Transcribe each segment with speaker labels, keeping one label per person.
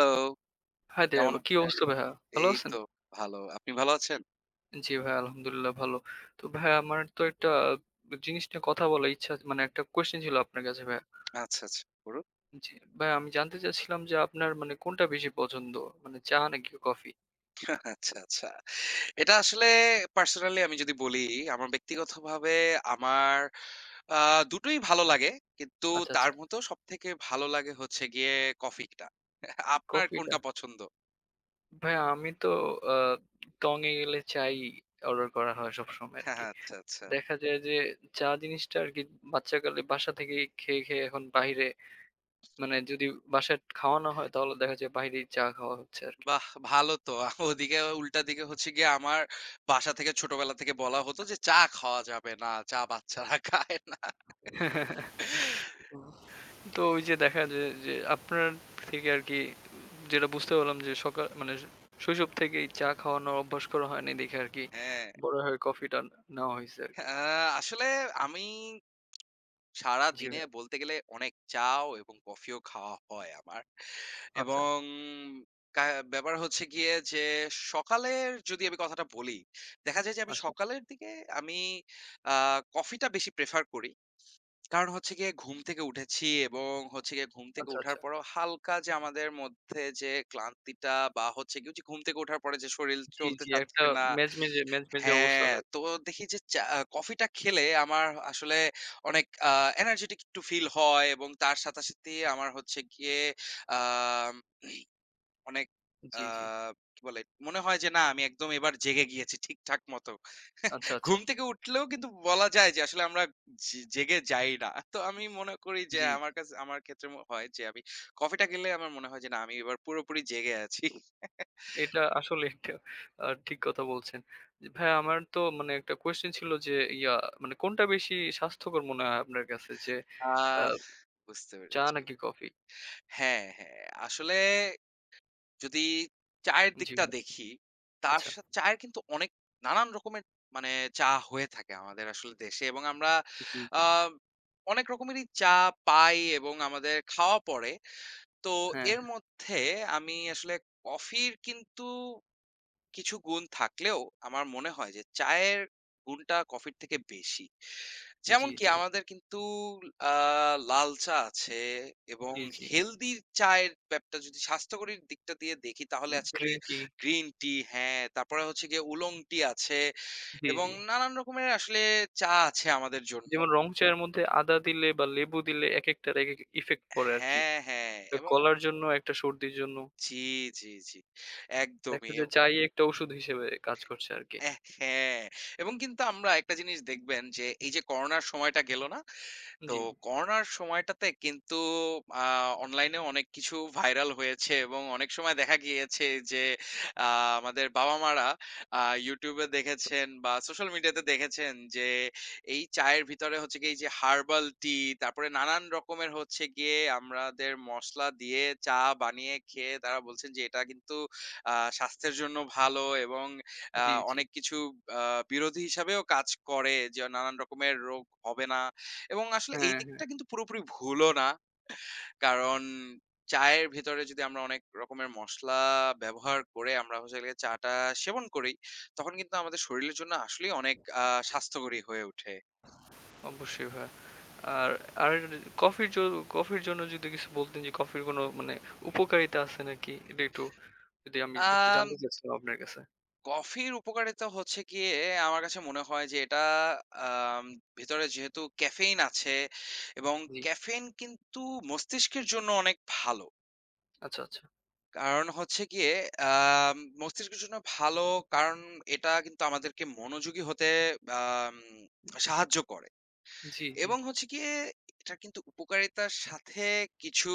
Speaker 1: Hello,
Speaker 2: Hi there
Speaker 1: কেমন
Speaker 2: কি
Speaker 1: আছেন?
Speaker 2: অবস্থা ভাইয়া? ভালো
Speaker 1: এই
Speaker 2: আছেন?
Speaker 1: তো ভালো। আপনি ভাল আছেন?
Speaker 2: জ্বী, ভাইয়া। আলহামদুলিল্লাহ ভালো। তো ভাইয়া আমার তো একটা ব জিনিস নিয়ে কথা বলার ইচ্ছা আছে। মানে একটা কোয়েশ্চেন ছিল আপনার কাছে ভাইয়া।
Speaker 1: আচ্ছা আচ্ছা, বলুন।
Speaker 2: জ্বী, ভাইয়া আমি জানতে চাচ্ছিলাম যে আপনার মানে কোনটা বেশি পছন্দ? মানে চা নাকি কফি?
Speaker 1: আচ্ছা, আচ্ছা। এটা আসলে পার্সোনালই আমি যদি বলি আমার ব্যক্তিগতভাবে আমার আ দুটোই ভালো লাগে। কিন্তু
Speaker 2: আচ্ছা, আচ্ছা।
Speaker 1: তার মত সবথেকে ভালো লাগে হচ্ছে গিয়ে কফি টা। আপনার
Speaker 2: কফিটা।
Speaker 1: কোনটা পছন্দ?
Speaker 2: ভাইয়া আমি তো আ টং এ গেলে চা ই অর্ডার করা হয় সবসময় আরকি।
Speaker 1: আচ্ছা, আচ্ছা।
Speaker 2: দেখা যায় যে চা জিনিসটা আরকি বাচ্চাকালে বাসা থেকেই খেয়ে, খেয়ে এখন বাইরে মানে যদি বাসায় খাওয়া না হয় তাহলে দেখা যায় বাইরেই চা খাওয়া হচ্ছে আরকি।
Speaker 1: বাহ! ভালো তো আহ ওদিকে উল্টা দিকে হচ্ছে গিয়ে আমার বাসা থেকে ছোটবেলা থেকে বলা হতো যে চা খাওয়া যাবে না, চা বাচ্চারা খায় না।
Speaker 2: হুম। তো ওই যে দেখা যায় যে আপনার থেকে আরকি যেটা বুঝতে পারলাম যে সকাল মানে শৈশব থেকেই চা খাওয়ানোর অভ্যাস করা হয়নি দেখে আরকি
Speaker 1: হ্যাঁ।
Speaker 2: বড় হয়ে কফিটা নেওয়া হইছে
Speaker 1: আ
Speaker 2: আরকি।
Speaker 1: আসলে আমি
Speaker 2: জ্বী,
Speaker 1: সারাদিনে
Speaker 2: ভাইয়া।
Speaker 1: বলতে গেলে অনেক চাও এবং কফিও খাওয়া হয় আমার।
Speaker 2: আচ্ছা।
Speaker 1: এবং কা ব্যাপার হচ্ছে গিয়ে যে সকালের যদি আমি কথাটা বলি, দেখা যায় যে আমি
Speaker 2: আচ্ছা।
Speaker 1: সকালের দিকে আমি আ কফিটা বেশি প্রেফার করি। কারণ হচ্ছে গিয়ে ঘুম থেকে উঠেছি এবং হচ্ছে গিয়ে ঘুম থেকে
Speaker 2: আচ্ছা,
Speaker 1: উঠার
Speaker 2: আচ্ছা।
Speaker 1: পরেও হালকা যে আমাদের মধ্যে যে ক্লান্তিটা বা হচ্ছে ওই যে ঘুম থেকে উঠার পরে যে শরীর
Speaker 2: জ্বী,
Speaker 1: চলতে
Speaker 2: জ্বী। একটা
Speaker 1: চাচ্ছে না
Speaker 2: মেজমেজে, মেজমেজে অবস্থা
Speaker 1: হ্যাঁ
Speaker 2: তায়
Speaker 1: তো দেখি যে চা কফিটা খেলে আমার আসলে অনেক আ এনার্জিটিক একটু ফিল হয় এবং তার সাথে, সাথেই আমার হচ্ছে গিয়ে আ অনেক আ
Speaker 2: জ্বী, জ্বী।
Speaker 1: কি বলে মনে হয় যে না আমি একদম এবার জেগে গিয়েছি ঠিকঠাক মতো।
Speaker 2: আচ্ছা, আচ্ছা।
Speaker 1: ঘুম থেকে উঠলেও কিন্তু বলা যায় যে আসলে আমরা যে জেগে যাই না। তো আমি মনে করি যে
Speaker 2: জ্বী।
Speaker 1: আমার কাছ আমার ক্ষেত্রে হয় যে আমি কফিটা গেলে আমার মনে হয় যে না আমি এবার পুরোপুরি জেগে আছি।
Speaker 2: এটা আসলে একটা আ ঠিক কথা বলছেন। ভাইয়া আমার তো মানে একটা কোয়েশ্চেন ছিল যে ইয়া মানে কোনটা বেশি স্বাস্থ্যকর মনে হয় আপনার কাছে যে
Speaker 1: আ
Speaker 2: আ
Speaker 1: বুঝতে
Speaker 2: চা
Speaker 1: পেরেছি।
Speaker 2: নাকি কফি?
Speaker 1: হ্যাঁ, হ্যাঁ আসলে যদি চায়ের
Speaker 2: জ্বী।
Speaker 1: দিকটা দেখি, তার
Speaker 2: আচ্ছা।
Speaker 1: শা চায়ের কিন্তু অনেক নানান রকমের মানে চা হয়ে থাকে আমাদের আসলে দেশে এবং আমরা
Speaker 2: জ্বী,
Speaker 1: আ
Speaker 2: জ্বী।
Speaker 1: অনেক রকমেরই চা পাই এবং আমাদের খাওয়া পড়ে। তো
Speaker 2: হ্যাঁ,
Speaker 1: এর
Speaker 2: হ্যাঁ।
Speaker 1: মধ্যে আমি আসলে কফির কিন্তু কিছু গুণ থাকলেও আমার মনে হয় যে চায়ের গুণটা কফির থেকে বেশি।
Speaker 2: জ্বী,
Speaker 1: যেমনকি
Speaker 2: জ্বী।
Speaker 1: আমাদের কিন্তু আ লাল চা আছে এবং
Speaker 2: জ্বী, জ্বী।
Speaker 1: হেলদি চায়ের ব্যাপারটা যদি স্বাস্থ্যকরীর দিকটা দিয়ে দেখি তাহলে
Speaker 2: উ
Speaker 1: আছে
Speaker 2: গ্রিন টি।
Speaker 1: গ্রিন টি হ্যাঁ তারপরে হচ্ছে গিয়ে উলং টি আছে
Speaker 2: জ্বী,
Speaker 1: এবং
Speaker 2: জ্বী।
Speaker 1: নানান রকমের আসলে চা আছে আমাদের জন্য।
Speaker 2: যেমন রং চা এর মধ্যে আদা দিলে বা লেবু দিলে একেকটার একেক ইফেক্ট পড়ে আরকি।
Speaker 1: হ্যাঁ, হ্যাঁ
Speaker 2: এ
Speaker 1: এবং
Speaker 2: গলার জন্য একটা সর্দির জন্য।
Speaker 1: জ্বী, জ্বী, জ্বী
Speaker 2: দেখা
Speaker 1: একদমই।
Speaker 2: যায় যে চাই একটা ওষুধ হিসেবে কাজ করছে আরকি।
Speaker 1: এ হ্যাঁ এবং কিন্তু আমরা একটা জিনিস দেখবেন যে এই যে করোনার সময়টা গেল না। তো
Speaker 2: জ্বী।
Speaker 1: করোনার সময়টাতে কিন্তু আ অনলাইনেও অনেক কিছু ভাইরাল হয়েছে এবং অনেক সময় দেখা গিয়েছে যে আ আমাদের বাবা-মারা আ YouTube এ দেখেছেন বা সোশ্যাল মিডিয়াতে দেখেছেন যে এই চায়ের ভিতরে হচ্ছে গিয়ে এই যে হারবাল টি তারপরে নানান রকমের হচ্ছে গিয়ে আমরাদের মসলা দিয়ে চা বানিয়ে খেয়ে তারা বলছেন যে এটা কিন্তু আ স্বাস্থ্যের জন্য ভালো এবং আ
Speaker 2: জ্বী, জ্বী।
Speaker 1: অনেক কিছু আ বিরোধী হিসাবেও কাজ করে যে নানান রকমের রোগ হবে না। এবং আসলে এই
Speaker 2: হ্যাঁ, হ্যাঁ।
Speaker 1: দিকটা কিন্তু পুরোপুরি ভুলও না। কারণ চায়ের ভেতরে যদি আমরা অনেক রকমের মশলা ব্যবহার করে আমরা হচ্ছে হল গিয়ে চা টা সেবন করি তখন কিন্তু আমাদের শরীরের জন্য আসলেই অনেক আ স্বাস্থ্যকরী হয়ে উঠে।
Speaker 2: অবশ্যই ভাইয়া। আর আর কফির জ কফির জন্য যদি কিছু বলতেন যে কফির কোনো মানে উপকারিতা আছে নাকি? এটা একটু যদি আমি একটু
Speaker 1: অ্যা
Speaker 2: জানতে চাচ্ছিলাম আপনার কাছে।
Speaker 1: কফির উপকারিতা হচ্ছে গিয়ে আমার কাছে মনে হয় যে এটা আ ভেতরে যেহেতু ক্যাফেইন আছে এবং
Speaker 2: জ্বী।
Speaker 1: ক্যাফেইন কিন্তু মস্তিষ্কের জন্য অনেক ভালো।
Speaker 2: আচ্ছা, আচ্ছা।
Speaker 1: কারণ হচ্ছে গিয়ে আম মস্তিষ্কের জন্য ভালো কারণ এটা কিন্তু আমাদেরকে মনোযোগী হতে আম
Speaker 2: [unintelligible]
Speaker 1: সাহায্য করে।
Speaker 2: জি, জি।
Speaker 1: এবং হচ্ছে গিয়ে এটা কিন্তু উপকারিতার সাথে কিছু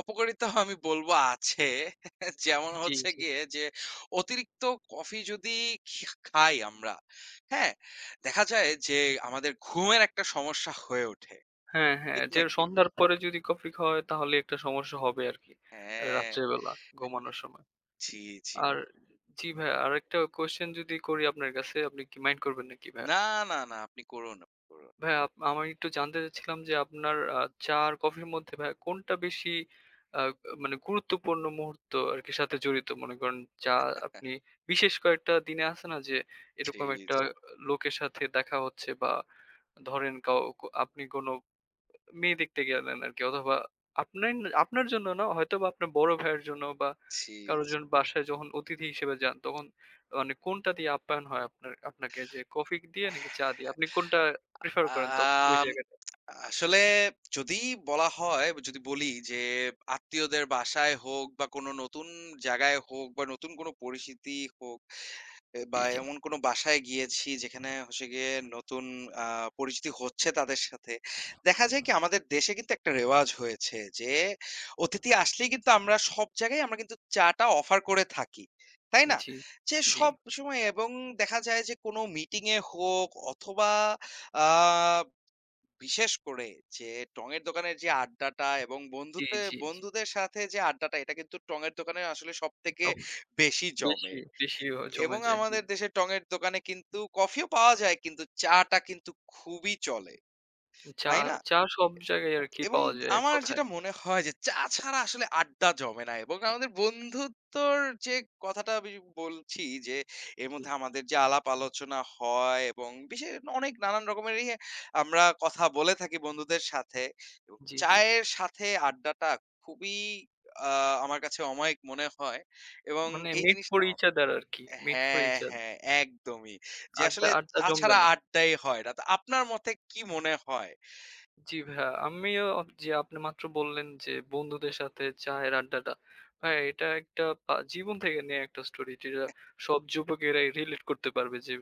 Speaker 1: অপকারিতাও আমি বলব আছে। যেমন
Speaker 2: জি,
Speaker 1: হচ্ছে
Speaker 2: জি।
Speaker 1: গিয়ে যে অতিরিক্ত কফি যদি খে খাই আমরা হ্যাঁ দেখা যায় যে
Speaker 2: উ হু।
Speaker 1: আমাদের ঘুমের একটা সমস্যা হয়ে ওঠে।
Speaker 2: হ্যাঁ, হ্যাঁ,
Speaker 1: ঠিক
Speaker 2: যে
Speaker 1: নাকি?
Speaker 2: সন্ধ্যার পরে যদি কফি খাওয়ায় তাহলে একটা সমস্যা হবে আরকি।
Speaker 1: হ্যাঁ।
Speaker 2: রাত্রে বেলা ঘুমানোর সময়।
Speaker 1: জি, জি।
Speaker 2: আর জি ভাইয়া। আরেকটা কোয়েশ্চেন যদি করি আপনার কাছে আপনি কি মাইন্ড করবেন নাকি ভাইয়া?
Speaker 1: না, না, না, আপনি করুন, করুন।
Speaker 2: ভাইয়া আপ আমি একটু জানতে চাচ্ছিলাম যে আপনার আ চা আর কফির মধ্যে ভাইয়া কোনটা বেশি আ মানে গুরুত্বপূর্ণ মুহূর্ত আর সাথে জড়িত। মনে করেন যা আপনি বিশেষ কয়েকটা দিনে আছে না যে
Speaker 1: জি,
Speaker 2: এরকম একটা
Speaker 1: জি।
Speaker 2: লোকের সাথে দেখা হচ্ছে বা ধরেন কাও আপনি কোনো মেয়ে দেখতে গিয়ে দেন আরকি। অথবা আপ্নে আপনার আপনার জন্য না, হয়তোবা আপনার বড় ভাইয়ের জন্য বা
Speaker 1: জি,
Speaker 2: কারো
Speaker 1: জি।
Speaker 2: বাসায় যখন অতিথি হিসেবে যান তখন মানে কোনটা দিয়ে আপ্যায়ন হয় আপনার আপনাকে যে কফি দিয়ে নাকি চা দিয়ে আপনি কোনটা প্রেফার করেন তখন ওই
Speaker 1: আম
Speaker 2: জায়গাটায়?
Speaker 1: আসলে যদি বলা হয়, যদি বলি যে আত্মীয়দের বাসায় হোক বা কোনো নতুন জায়গায় হোক বা নতুন কোনো পরিস্থিতি হোক এ বা
Speaker 2: জি, জি।
Speaker 1: এমন কোনো বাসায় গিয়েছি যেখানে হচ্ছে গিয়ে নতুন আ পরিচিতি হচ্ছে তাদের সাথে। দেখা যায় কি আমাদের দেশে কিন্তু একটা রেওয়াজ হয়েছে যে অতিথি আসলেই কিন্তু আমরা সব জায়গায় আমরা কিন্তু চা-টা অফার করে থাকি। তাই না?
Speaker 2: জি,
Speaker 1: যে
Speaker 2: জি।
Speaker 1: সবসময় এবং দেখা যায় যে কোনো মিটিং এ হোক অথবা আ বিশেষ করে যে টঙের দোকানের যে আড্ডাটা এবং
Speaker 2: জি,
Speaker 1: বন্ধুতে
Speaker 2: জি, জি।
Speaker 1: বন্ধুদের সাথে যে আড্ডাটা এটা কিন্তু টঙের দোকানের আসলে সবথেকে
Speaker 2: অপ
Speaker 1: বেশি জমে।
Speaker 2: বেশি, বেশি জমে
Speaker 1: এবং
Speaker 2: যায় জি।
Speaker 1: আমাদের দেশে টঙের দোকানে কিন্তু কফিও পাওয়া যায় কিন্তু চা-টা কিন্তু খুবই চলে।
Speaker 2: চা
Speaker 1: তাই না?
Speaker 2: চা সব জায়গায় আর কি
Speaker 1: এবং
Speaker 2: পাওয়া যায় এক
Speaker 1: আমার
Speaker 2: কথায়।
Speaker 1: যেটা মনে হয় যে চা ছাড়া আসলে আড্ডা জমে না এবং আমাদের বন্ধুত্বর যে কথাটা আমি বলছি যে এর
Speaker 2: হুম।
Speaker 1: মধ্যে আমাদের যে আলাপ আলোচনা হয় এবং বিশেষ অনেক নানান রকমের ইয়ে আমরা কথা বলে থাকি বন্ধুদের সাথে। এবং
Speaker 2: জি, জি।
Speaker 1: চায়ের সাথে আড্ডাটা খুবই আ আমার কাছে অমায়িক মনে হয় এবং
Speaker 2: মানে
Speaker 1: এই
Speaker 2: মিট ফর
Speaker 1: জিনিসটা
Speaker 2: ইচ আদার আরকি মিট ফর
Speaker 1: হ্যাঁ,
Speaker 2: ইচ আদার।
Speaker 1: হ্যাঁ, একদমই যে
Speaker 2: আড্ডা,
Speaker 1: আসলে
Speaker 2: আড্ডা
Speaker 1: চা
Speaker 2: জমবে
Speaker 1: ছাড়া
Speaker 2: না।
Speaker 1: আড্ডাই হয় না তো আপনার মতে কি মনে হয়?
Speaker 2: জি ভাইয়া আমিও জি আপনি মাত্র বললেন যে বন্ধুদের সাথে চায়ের আড্ডাটা। ভাইয়া এটা একটা পা জীবন থেকে নেয়া একটা স্টোরি যেটা
Speaker 1: [unintelligible]
Speaker 2: সব যুবকেরা রিলেট করতে পারবে যে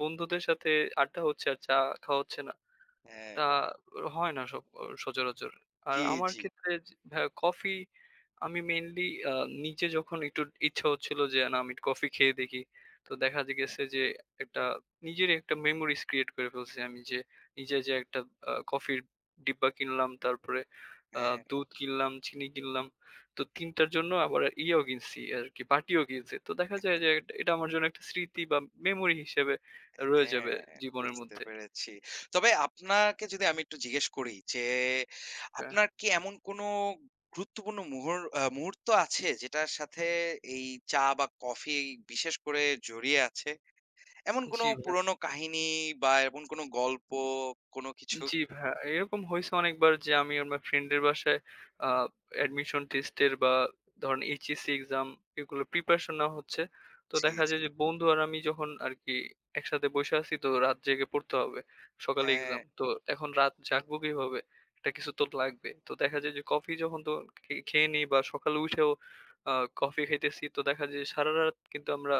Speaker 2: বন্ধুদের সাথে আড্ডা হচ্ছে আর চা খাওয়া হচ্ছে না।
Speaker 1: হ্যাঁ।
Speaker 2: তা হয় না সচঅ সচরাচর। আর
Speaker 1: জি,
Speaker 2: আমার
Speaker 1: জি।
Speaker 2: ক্ষেত্রে কফি আমি মেইনলি আ নিজে যখন একটু ইচ্ছা হচ্ছিল যে না আমি একটু কফি খেয়ে দেখি। তো দেখা গেছে যে একটা নিজেরই একটা মেমোরিস ক্রিয়েট করে ফেলছি আমি যে নিজে যে একটা আ কফির ডিব্বা কিনলাম, তারপরে আ
Speaker 1: হ্যাঁ।
Speaker 2: দুধ কিনলাম, চিনি কিনলাম। তো ৩টার জন্য আবার ইয়েও কিনছি আরকি। বার্টিও কিনছি। তো দেখা যায় যে এটা আমার জন্য একটা স্মৃতি বা মেমোরি হিসেবে রয়ে
Speaker 1: হ্যাঁ,
Speaker 2: যাবে জীবনের
Speaker 1: বুঝতে
Speaker 2: মধ্যে।
Speaker 1: পেরেছি। তবে আপনাকে যদি আমি একটু জিজ্ঞেস করি যে
Speaker 2: কা
Speaker 1: আপনার কি এমন কোনো গুরুত্বপূর্ণ মূহুর আ মুহূর্ত আছে যেটার সাথে এই চা বা কফি বিশেষ করে জড়িয়ে আছে। এমন কোনো
Speaker 2: জি ভাইয়া।
Speaker 1: পুরনো কাহিনী বা এমন কোনো গল্প কোনো কিছু?
Speaker 2: জি ভাইয়া, এরকম হইছে অনেকবার যে আমি আমার ফ্রেন্ডের বাসায় আ অ্যাডমিশন টেস্টের বা ধরেন HSC এক্সাম এগুলো প্রিপারেশন নেওয়া হচ্ছে। তো
Speaker 1: জি,
Speaker 2: দেখা
Speaker 1: জি।
Speaker 2: যায় যে বন্ধু আর আমি যখন আরকি একসাথে বইসা আছি তো রাত জেগে পড়তে হবে। সকালে
Speaker 1: হ্যাঁ।
Speaker 2: এক্সাম। তো এখন রাত জাগবো কিভাবে? একটা কিছু তো লাগবে। তো দেখা যায় যে কফি যখন তো খেয়েনি বা সকালে উঠেও আ কফি খাইতেছি। তো দেখা যায় সারারাত কিন্তু আমরা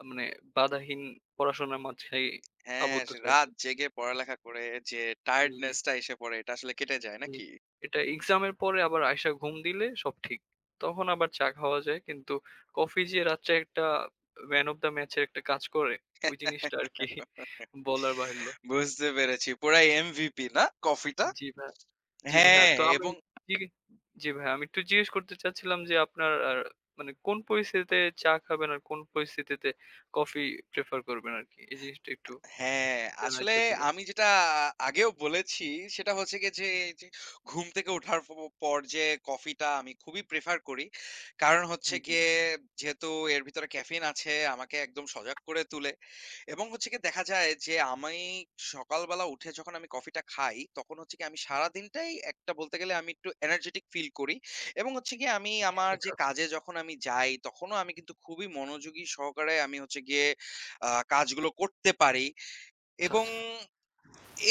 Speaker 2: আ মানে বাধাহীন পড়াশোনার মাঝেই
Speaker 1: হ্যাঁ,
Speaker 2: আবদ্ধ
Speaker 1: যে
Speaker 2: থাকি।
Speaker 1: রাত জেগে পড়ালেখা করে যে
Speaker 2: জি, জি।
Speaker 1: টায়ার্ডনেস টা এসে পড়ে এটা আসলে কেটে যায়
Speaker 2: জি,
Speaker 1: নাকি?
Speaker 2: এটা এক্সাম এর পরে আবার আইশা ঘুম দিলে সব ঠিক। তখন আবার চা খাওয়া যায় কিন্তু কফি যে রাত্রে একটা ম্যান অফ দ্যা ম্যাচ এর একটা কাজ করে ওই জিনিসটা আরকি বলার বাহুল্য।
Speaker 1: বুঝতে পেরেছি পুরা MVP না কফি টা?
Speaker 2: জি ভাইয়া, জি ভাইয়া,
Speaker 1: হ্যাঁ
Speaker 2: তো আমি
Speaker 1: এবং
Speaker 2: তি জি ভাইয়া, আমি একটু জিজ্ঞেস করতে চাচ্ছিলাম যে আপনার মানে কোন পরিস্থিতিতে চা খাবেন আর কোন পরিস্থিতিতে কফি প্রেফার করবেন আরকি। এই জিনিসটা একটু
Speaker 1: হ্যাঁ
Speaker 2: জানার
Speaker 1: আসলে
Speaker 2: ইচ্ছা ছিল।
Speaker 1: আমি যেটা আগেও বলেছি সেটা হচ্ছে গিয়ে যে এইযে ঘুম থেকে ওঠার পর যে কফিটা আমি খুবই প্রেফার করি। কারণ
Speaker 2: জি,
Speaker 1: হচ্ছে
Speaker 2: জি।
Speaker 1: গিয়ে যেহেতু এর ভিতরে ক্যাফেইন আছে আমাকে একদম সজাগ করে তুলে এবং হচ্ছে গিয়ে দেখা যায় যে আমি সকালবেলা উঠে যখন আমি কফিটা খাই তখন হচ্ছে কি আমি সারাদিনটাই একটা বলতে গেলে আমি একটু এনার্জিটিক ফিল করি। এবং হচ্ছে গিয়ে আমি আমার যে
Speaker 2: [unintelligible]
Speaker 1: কাজে যখন আমি যাই তখনও আমি কিন্তু খুবই মনোযোগী সহকারে আমি হচ্ছে গিয়ে আ কাজগুলো করতে পারি
Speaker 2: আচ্ছা,
Speaker 1: এবং
Speaker 2: আচ্ছা।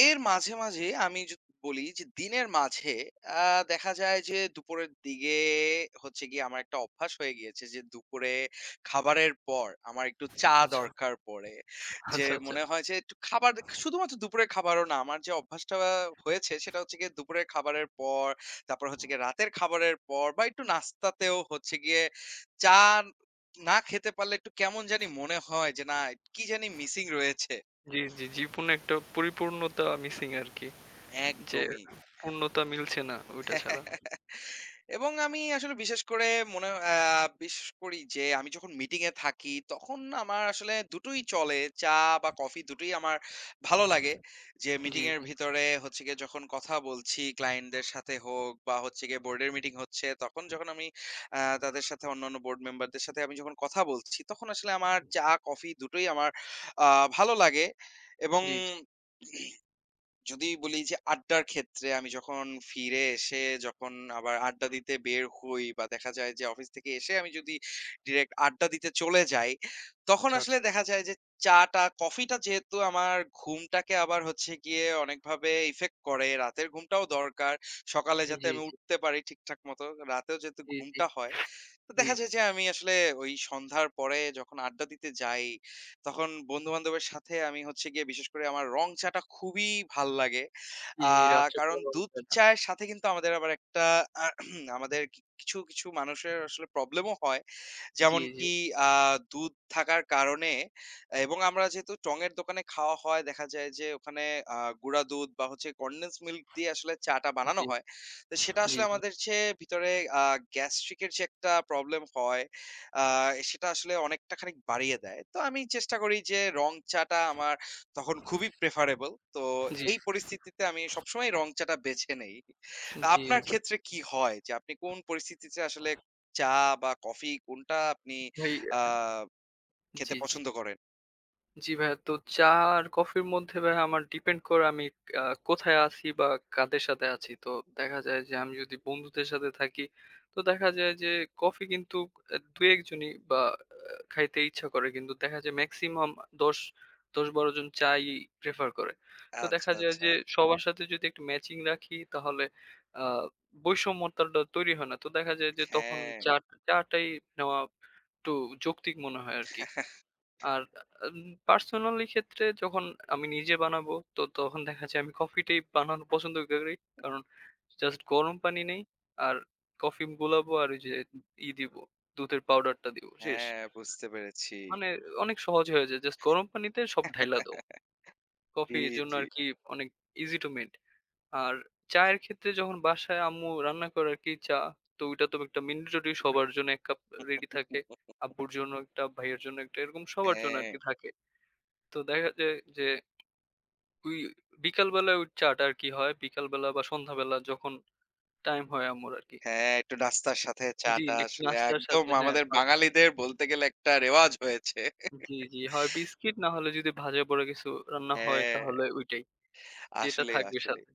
Speaker 1: এর মাঝে, মাঝে আমি বলি যে দিনের মাঝে আ দেখা যায় যে দুপুরের দিকে হচ্ছে গিয়ে আমার একটা অভ্যাস হয়ে গিয়েছে যে দুপুরে খাবারের পর আমার একটু চা
Speaker 2: আচ্ছা,
Speaker 1: দরকার পড়ে। যে
Speaker 2: আচ্ছা, আচ্ছা।
Speaker 1: মনে হয় যে একটু খাবার শুধুমাত্র দুপুরের খাবারও না আমার যে অভ্যাসটা হয়েছে সেটা হচ্ছে গিয়ে দুপুরের খাবারের পর তারপর হচ্ছে গিয়ে রাতের খাবারের পর বা একটু নাস্তাতেও হচ্ছে গিয়ে চা না খেতে পারলে একটু কেমন জানি মনে হয় যে না কি জানি মিসিং রয়েছে।
Speaker 2: জি, জি, জীবনে একটা পরিপূর্ণতা মিসিং আরকি। যে
Speaker 1: একদমই।
Speaker 2: পূর্ণতা মিলছে না ওইটা ছাড়া।
Speaker 1: এবং আমি আসলে বিশেষ করে মনে আ বিশ্বাস করি যে আমি যখন মিটিং এ থাকি তখন আমার আসলে দুটোই চলে। চা বা কফি দুটোই আমার ভালো লাগে। যে
Speaker 2: জি।
Speaker 1: মিটিং এর ভিতরে হচ্ছে গিয়ে যখন কথা বলছি ক্লায়েন্ট দের সাথে হোক বা হচ্ছে গিয়ে বোর্ডের মিটিং হচ্ছে তখন যখন আমি আ তাদের সাথে অন্যান্য বোর্ড মেম্বার দের সাথে আমি যখন কথা বলছি তখন আসলে আমার চা
Speaker 2: [unintelligible]
Speaker 1: কফি দুটোই আমার আ ভালো লাগে এবং
Speaker 2: জি, জি।
Speaker 1: যদি বলি যে আড্ডার ক্ষেত্রে আমি যখন ফিরে এসে যখন আবার আড্ডা দিতে বের হই বা দেখা যায় যে অফিস থেকে এসে আমি যদি ডিরেক্ট আড্ডা দিতে চলে যাই তখন
Speaker 2: চ্ছা,
Speaker 1: আসলে
Speaker 2: চ্ছা।
Speaker 1: দেখা যায় যে চা-টা কফি-টা যেহেতু আমার ঘুমটাকে আবার হচ্ছে গিয়ে অনেকভাবে ইফেক্ট করে। রাতের ঘুমটাও দরকার। সকালে যাতে
Speaker 2: জি,
Speaker 1: আমি
Speaker 2: জি।
Speaker 1: উঠতে পারি ঠিকঠাক মত রাতেও যেহেতু
Speaker 2: জি, জি,
Speaker 1: ঘুমটা হয় তো
Speaker 2: জি,
Speaker 1: দেখা
Speaker 2: জি।
Speaker 1: যায় যে আমি আসলে ওই সন্ধ্যার পরে যখন আড্ডা দিতে যাই তখন বন্ধু-বান্ধবের সাথে আমি হচ্ছে গিয়ে বিশেষ করে আমার রং চা-টা খুবই ভাল লাগে।
Speaker 2: জি,
Speaker 1: আ
Speaker 2: জি, রাত্রে
Speaker 1: কারণ দুধ
Speaker 2: [unintelligible]
Speaker 1: চায়ের সাথে কিন্তু আমাদের আবার একটা আ আমাদের কিছু, কিছু মানুষের আসলে প্রবলেম ও হয়।
Speaker 2: জি, জি।
Speaker 1: যেমনকি আ দুধ থাকার কারণে এবং আমরা যেহেতু টং এর দোকানে খাওয়া হয় দেখা যায় যে ওখানে আ গুঁড়া দুধ বা হচ্ছে কনডেন্সড মিল্ক দিয়ে আসলে চা-টা বানানো
Speaker 2: জি,
Speaker 1: হয়। তো সেটা
Speaker 2: জি।
Speaker 1: আসলে আমাদের চেয়ে ভিতরে আ গ্যাস্ট্রিক এর যে একটা প্রবলেম হয় আ সেটা আসলে অনেকটা খানিক বাড়িয়ে দেয়। তো আমি চেষ্টা করি যে রং চা-টা আমার তখন খুবই প্রেফারেবল। তো
Speaker 2: জি।
Speaker 1: এই পরিস্থিতিতে আমি সবসময় রং চা-টা বেছে নেই। তো
Speaker 2: জি,
Speaker 1: আপনার
Speaker 2: জি।
Speaker 1: ক্ষেত্রে কি হয় যে আপনি কোন পরিস্থিতিতে আসলে চা বা কফি কোনটা আপনি
Speaker 2: ভাই,
Speaker 1: আ
Speaker 2: আ
Speaker 1: খেতে
Speaker 2: জি, জি।
Speaker 1: পছন্দ করেন?
Speaker 2: জ্বি ভাইয়া। তো চা আর কফির মধ্যে ভাইয়া আমার ডিপেন্ড করে আমি আ কোথায় আছি বা কাদের সাথে আছি। তো দেখা যায় যে আমি যদি বন্ধুদের সাথে থাকি তো দেখা যায় যে কফি কিন্তু এ দু-একজনই বা আ খাইতে ইচ্ছা করে। কিন্তু দেখা যায় মেক্সিমাম দশ ১০-১২ জন চা-ই প্রেফার করে। তো
Speaker 1: আচ্ছা,
Speaker 2: দেখা যায়
Speaker 1: আচ্ছা।
Speaker 2: যে সবার সাথে যদি একটু ম্যাচিং রাখি তাহলে আ বৈষম্যতাটা তৈরি হয় না। তো দেখা যায় যে তখন
Speaker 1: হ্যাঁ।
Speaker 2: চা টা চা টাই নেওয়া একটু যৌক্তিক মনে হয় আরকি। আর আ পার্সোনালি ক্ষেত্রে যখন আমি নিজে বানাবো তো তখন দেখা যায় আমি কফি টাই বানানো পছন্দ করি। কারণ জাস্ট গরম পানি নেই। আর কফি গোলাবো আর ওই যে ই দিবো। দুধের পাউডারটা দিবো। শেষ।
Speaker 1: হ্যাঁ, বুঝতে পেরেছি।
Speaker 2: মানে অনেক সহজ হয়ে যায়। জাস্ট গরম পানিতে সব ঢাইলা দাও। কফি
Speaker 1: জি,
Speaker 2: এর জন্য
Speaker 1: জি।
Speaker 2: আরকি অনেক ইসি টু মেড। আর চায়ের ক্ষেত্রে যখন বাসায় আম্মু রান্না করে আরকি চা তো ঐটা তো একটা mandatory সবার জন্য এক কাপ রেডি থাকে। আব্বুর জন্য একটা, ভাইয়ের জন্য একটা এরকম সবার জন্য
Speaker 1: হ্যাঁ।
Speaker 2: আরকি থাকে। তো দেখা যায় যে ওই বিকালবেলায় ওই চা-টা আর কি হয়, বিকালবেলা বা সন্ধ্যাবেলা যখন টাইম হয় আম্মুর আরকি।
Speaker 1: হ্যাঁ, একটু রাস্তার সাথে চা
Speaker 2: জ্বি,
Speaker 1: টা
Speaker 2: একটু
Speaker 1: আসলে
Speaker 2: নাস্তার
Speaker 1: একদম
Speaker 2: সাথে হ্যাঁ
Speaker 1: আমাদের
Speaker 2: হয়।
Speaker 1: বাঙালিদের বলতে গেলে একটা রেওয়াজ হয়েছে।
Speaker 2: জ্বি, জ্বি হয় বিস্কুট না হলে যদি ভাজা পোড়া কিছু রান্না হয়
Speaker 1: হ্যাঁ।
Speaker 2: তাহলে ঐটাই। যেটা
Speaker 1: আসলেই,
Speaker 2: থাকবে
Speaker 1: আসলেই।
Speaker 2: সাথে।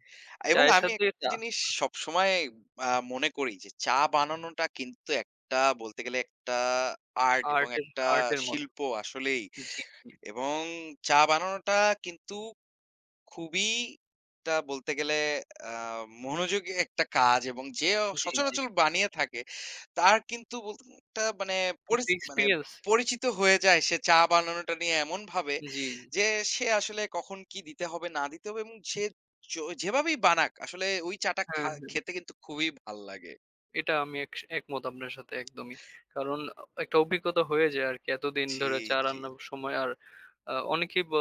Speaker 1: এবং
Speaker 2: চায়ের
Speaker 1: আমি
Speaker 2: সাথে
Speaker 1: একটা
Speaker 2: টা।
Speaker 1: জিনিস সবসময় আ মনে করি যে চা বানানোটা কিন্তু একটা, বলতে গেলে একটা আর্ট এবং
Speaker 2: আর্ট এর,
Speaker 1: একটা
Speaker 2: আর্ট এর মতো।
Speaker 1: শিল্প আসলেই।
Speaker 2: জ্বী, জ্বী।
Speaker 1: এবং চা বানানোটা কিন্তু খুবই একটা বলতে গেলে, আ মনোযোগী একটা কাজ এবং যে
Speaker 2: জ্বী, জ্বী।
Speaker 1: সচরাচর বানিয়ে থাকে তার কিন্তু বলত একটা মানে পরিস
Speaker 2: একটু
Speaker 1: মানে
Speaker 2: এক্সপেরিয়েন্স।
Speaker 1: পরিচিত হয়ে যায় সে চা বানানোটা নিয়ে এমনভাবে
Speaker 2: জ্বী, জ্বী।
Speaker 1: যে সে আসলে কখন কি দিতে হবে না দিতে হবে এবং সে জো যেভাবেই বানাক আসলে ওই চা টা
Speaker 2: হ্যাঁ,
Speaker 1: খা
Speaker 2: হ্যাঁ।
Speaker 1: খেতে কিন্তু খুবই ভাল লাগে।
Speaker 2: এটা আমি এক একমত আপনার সাথে একদমই। কারণ একটা অভিজ্ঞতা হয়ে যায় আরকি। এতদিন
Speaker 1: জি,
Speaker 2: ধরে চা
Speaker 1: জি।
Speaker 2: রান্নার সময় আর অনেকে অ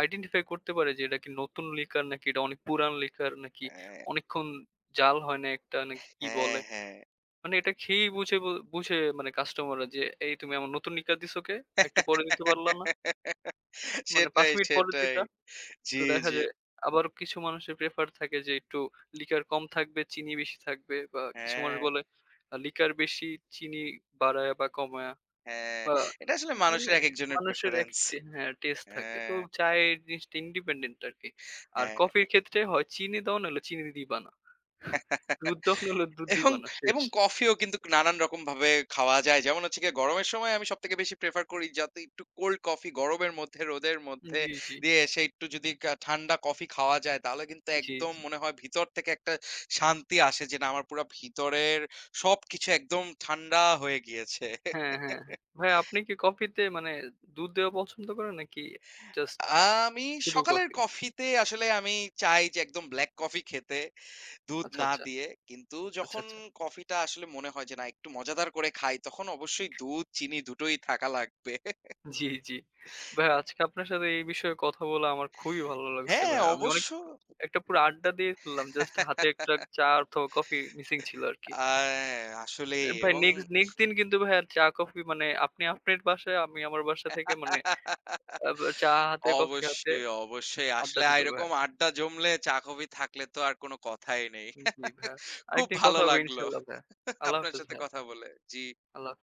Speaker 2: আইডেন্টিফাই করতে পারে যে এটা কি নতুন লিকার নাকি এটা অনেক পুরান লিকার, নাকি
Speaker 1: হ্যাঁ।
Speaker 2: অনেকক্ষণ জাল হয় না একটা নাকি কি
Speaker 1: হ্যাঁ,
Speaker 2: বলে?
Speaker 1: হ্যাঁ।
Speaker 2: মানে এটা খেয়েই বুঝে ব বুঝে মানে কাস্টমার রা যে এই তুমি আমার নতুন লিকার দিস কে? আর একটু পরে দিতে পারলা না। মানে ৫
Speaker 1: সেটাই,
Speaker 2: মিনিট পরে
Speaker 1: সেটাই।
Speaker 2: দিতা। তো
Speaker 1: জ্বি,
Speaker 2: দেখা
Speaker 1: জ্বি।
Speaker 2: যায় আবার কিছু মানুষের প্রেফার থাকে যে একটু লিকার কম থাকবে, চিনি বেশি থাকবে বা কিছু মানুষ
Speaker 1: হ্যাঁ।
Speaker 2: বলে লিকার বেশি চিনি বাড়ায়া বা কমাইয়া
Speaker 1: হ্যাঁ,
Speaker 2: বা
Speaker 1: এটা আসলে
Speaker 2: মানে
Speaker 1: মানুষের এক একজনের
Speaker 2: মানুষের
Speaker 1: প্রেফারেন্স।
Speaker 2: একটা হ্যাঁ টেস্ট থাকে। তো
Speaker 1: হ্যাঁ।
Speaker 2: চায়ের জিনিসটা ইন্ডিপেন্ডেন্ট আরকি। আর
Speaker 1: হ্যাঁ,
Speaker 2: কফির
Speaker 1: হ্যাঁ।
Speaker 2: ক্ষেত্রে হয় চিনি দাও নালে চিনি দিবা না। দুধ তখন হল দুধ
Speaker 1: এবং,
Speaker 2: দিবা না। শেষ।
Speaker 1: এবং কফিও কিন্তু নানান রকম ভাবে খাওয়া যায়। যেমন হচ্ছে গিয়ে গরমের সময় আমি সবথেকে বেশি প্রেফার করি যাতে একটু কোল্ড কফি গরমের মধ্যে রোদের
Speaker 2: জ্বী,
Speaker 1: মধ্যে
Speaker 2: জ্বী।
Speaker 1: দিয়ে এসে একটু যদি ঠান্ডা কফি খাওয়া যায় তাহলে কিন্তু
Speaker 2: জ্বী,
Speaker 1: একদম
Speaker 2: জ্বী।
Speaker 1: মনে হয় ভিতর থেকে একটা শান্তি আসে যে না আমার পুরা ভিতরের সবকিছু একদম ঠান্ডা হয়ে গিয়েছে।
Speaker 2: হ্যাঁ, হ্যাঁ, হ্যাঁ। ভাইয়া আপনি কি কফিতে মানে দুধ দেওয়া পছন্দ করেন নাকি জাস্ট
Speaker 1: আ আমি
Speaker 2: শুধু
Speaker 1: সকালের
Speaker 2: কফি।
Speaker 1: কফিতে আসলে আমি চাই যে একদম ব্লাক কফি খেতে, দুধ
Speaker 2: আচ্ছা,
Speaker 1: না
Speaker 2: আচ্ছা।
Speaker 1: দিয়ে। কিন্তু
Speaker 2: আচ্ছা,
Speaker 1: যখন
Speaker 2: আচ্ছা।
Speaker 1: কফি টা আসলে মনে হয় যে না একটু মজাদার করে খাই তখন অবশ্যই দুধ চিনি দুটোই থাকা লাগবে।
Speaker 2: জি, জ্বি। ভাইয়া আজকে আপনার সাথে এই বিষয়ে কথা বলে আমার খুবই ভালো লাগছে
Speaker 1: হ্যাঁ
Speaker 2: ভাইয়া। আমি অনেক
Speaker 1: অবশ্য
Speaker 2: একটা পুরো আড্ডা দিয়ে ফেললাম। জাস্ট হাতে একটা চা অথবা কফি মিসিং
Speaker 1: [unintelligible]
Speaker 2: ছিল আরকি।
Speaker 1: আ আসলেই
Speaker 2: ভাই
Speaker 1: এবং
Speaker 2: নেক্সট, নেক্সট দিন কিন্তু ভাইয়া চা কফি, মানে আপনি আপনার বাসায় আমি আমার বাসা থেকে মানে চা হাতে কফি হাতে
Speaker 1: অবশ্যই, অবশ্যই
Speaker 2: আড্ডা
Speaker 1: আসলে
Speaker 2: দিব ভাইয়া।
Speaker 1: এরকম আড্ডা জমলে চা কফি থাকলে তো আর কোনো কথাই নেই।
Speaker 2: জি, জি। ভাইয়া।
Speaker 1: খুব
Speaker 2: আরেকদিন
Speaker 1: ভালো
Speaker 2: কথা হবে
Speaker 1: লাগলো
Speaker 2: ইনশাল্লাহ ভাইয়া। আল্লাহ
Speaker 1: আপনার
Speaker 2: হাফেজ
Speaker 1: সাথে
Speaker 2: ভাইয়া।
Speaker 1: কথা বলে। জি।
Speaker 2: আল্লাহ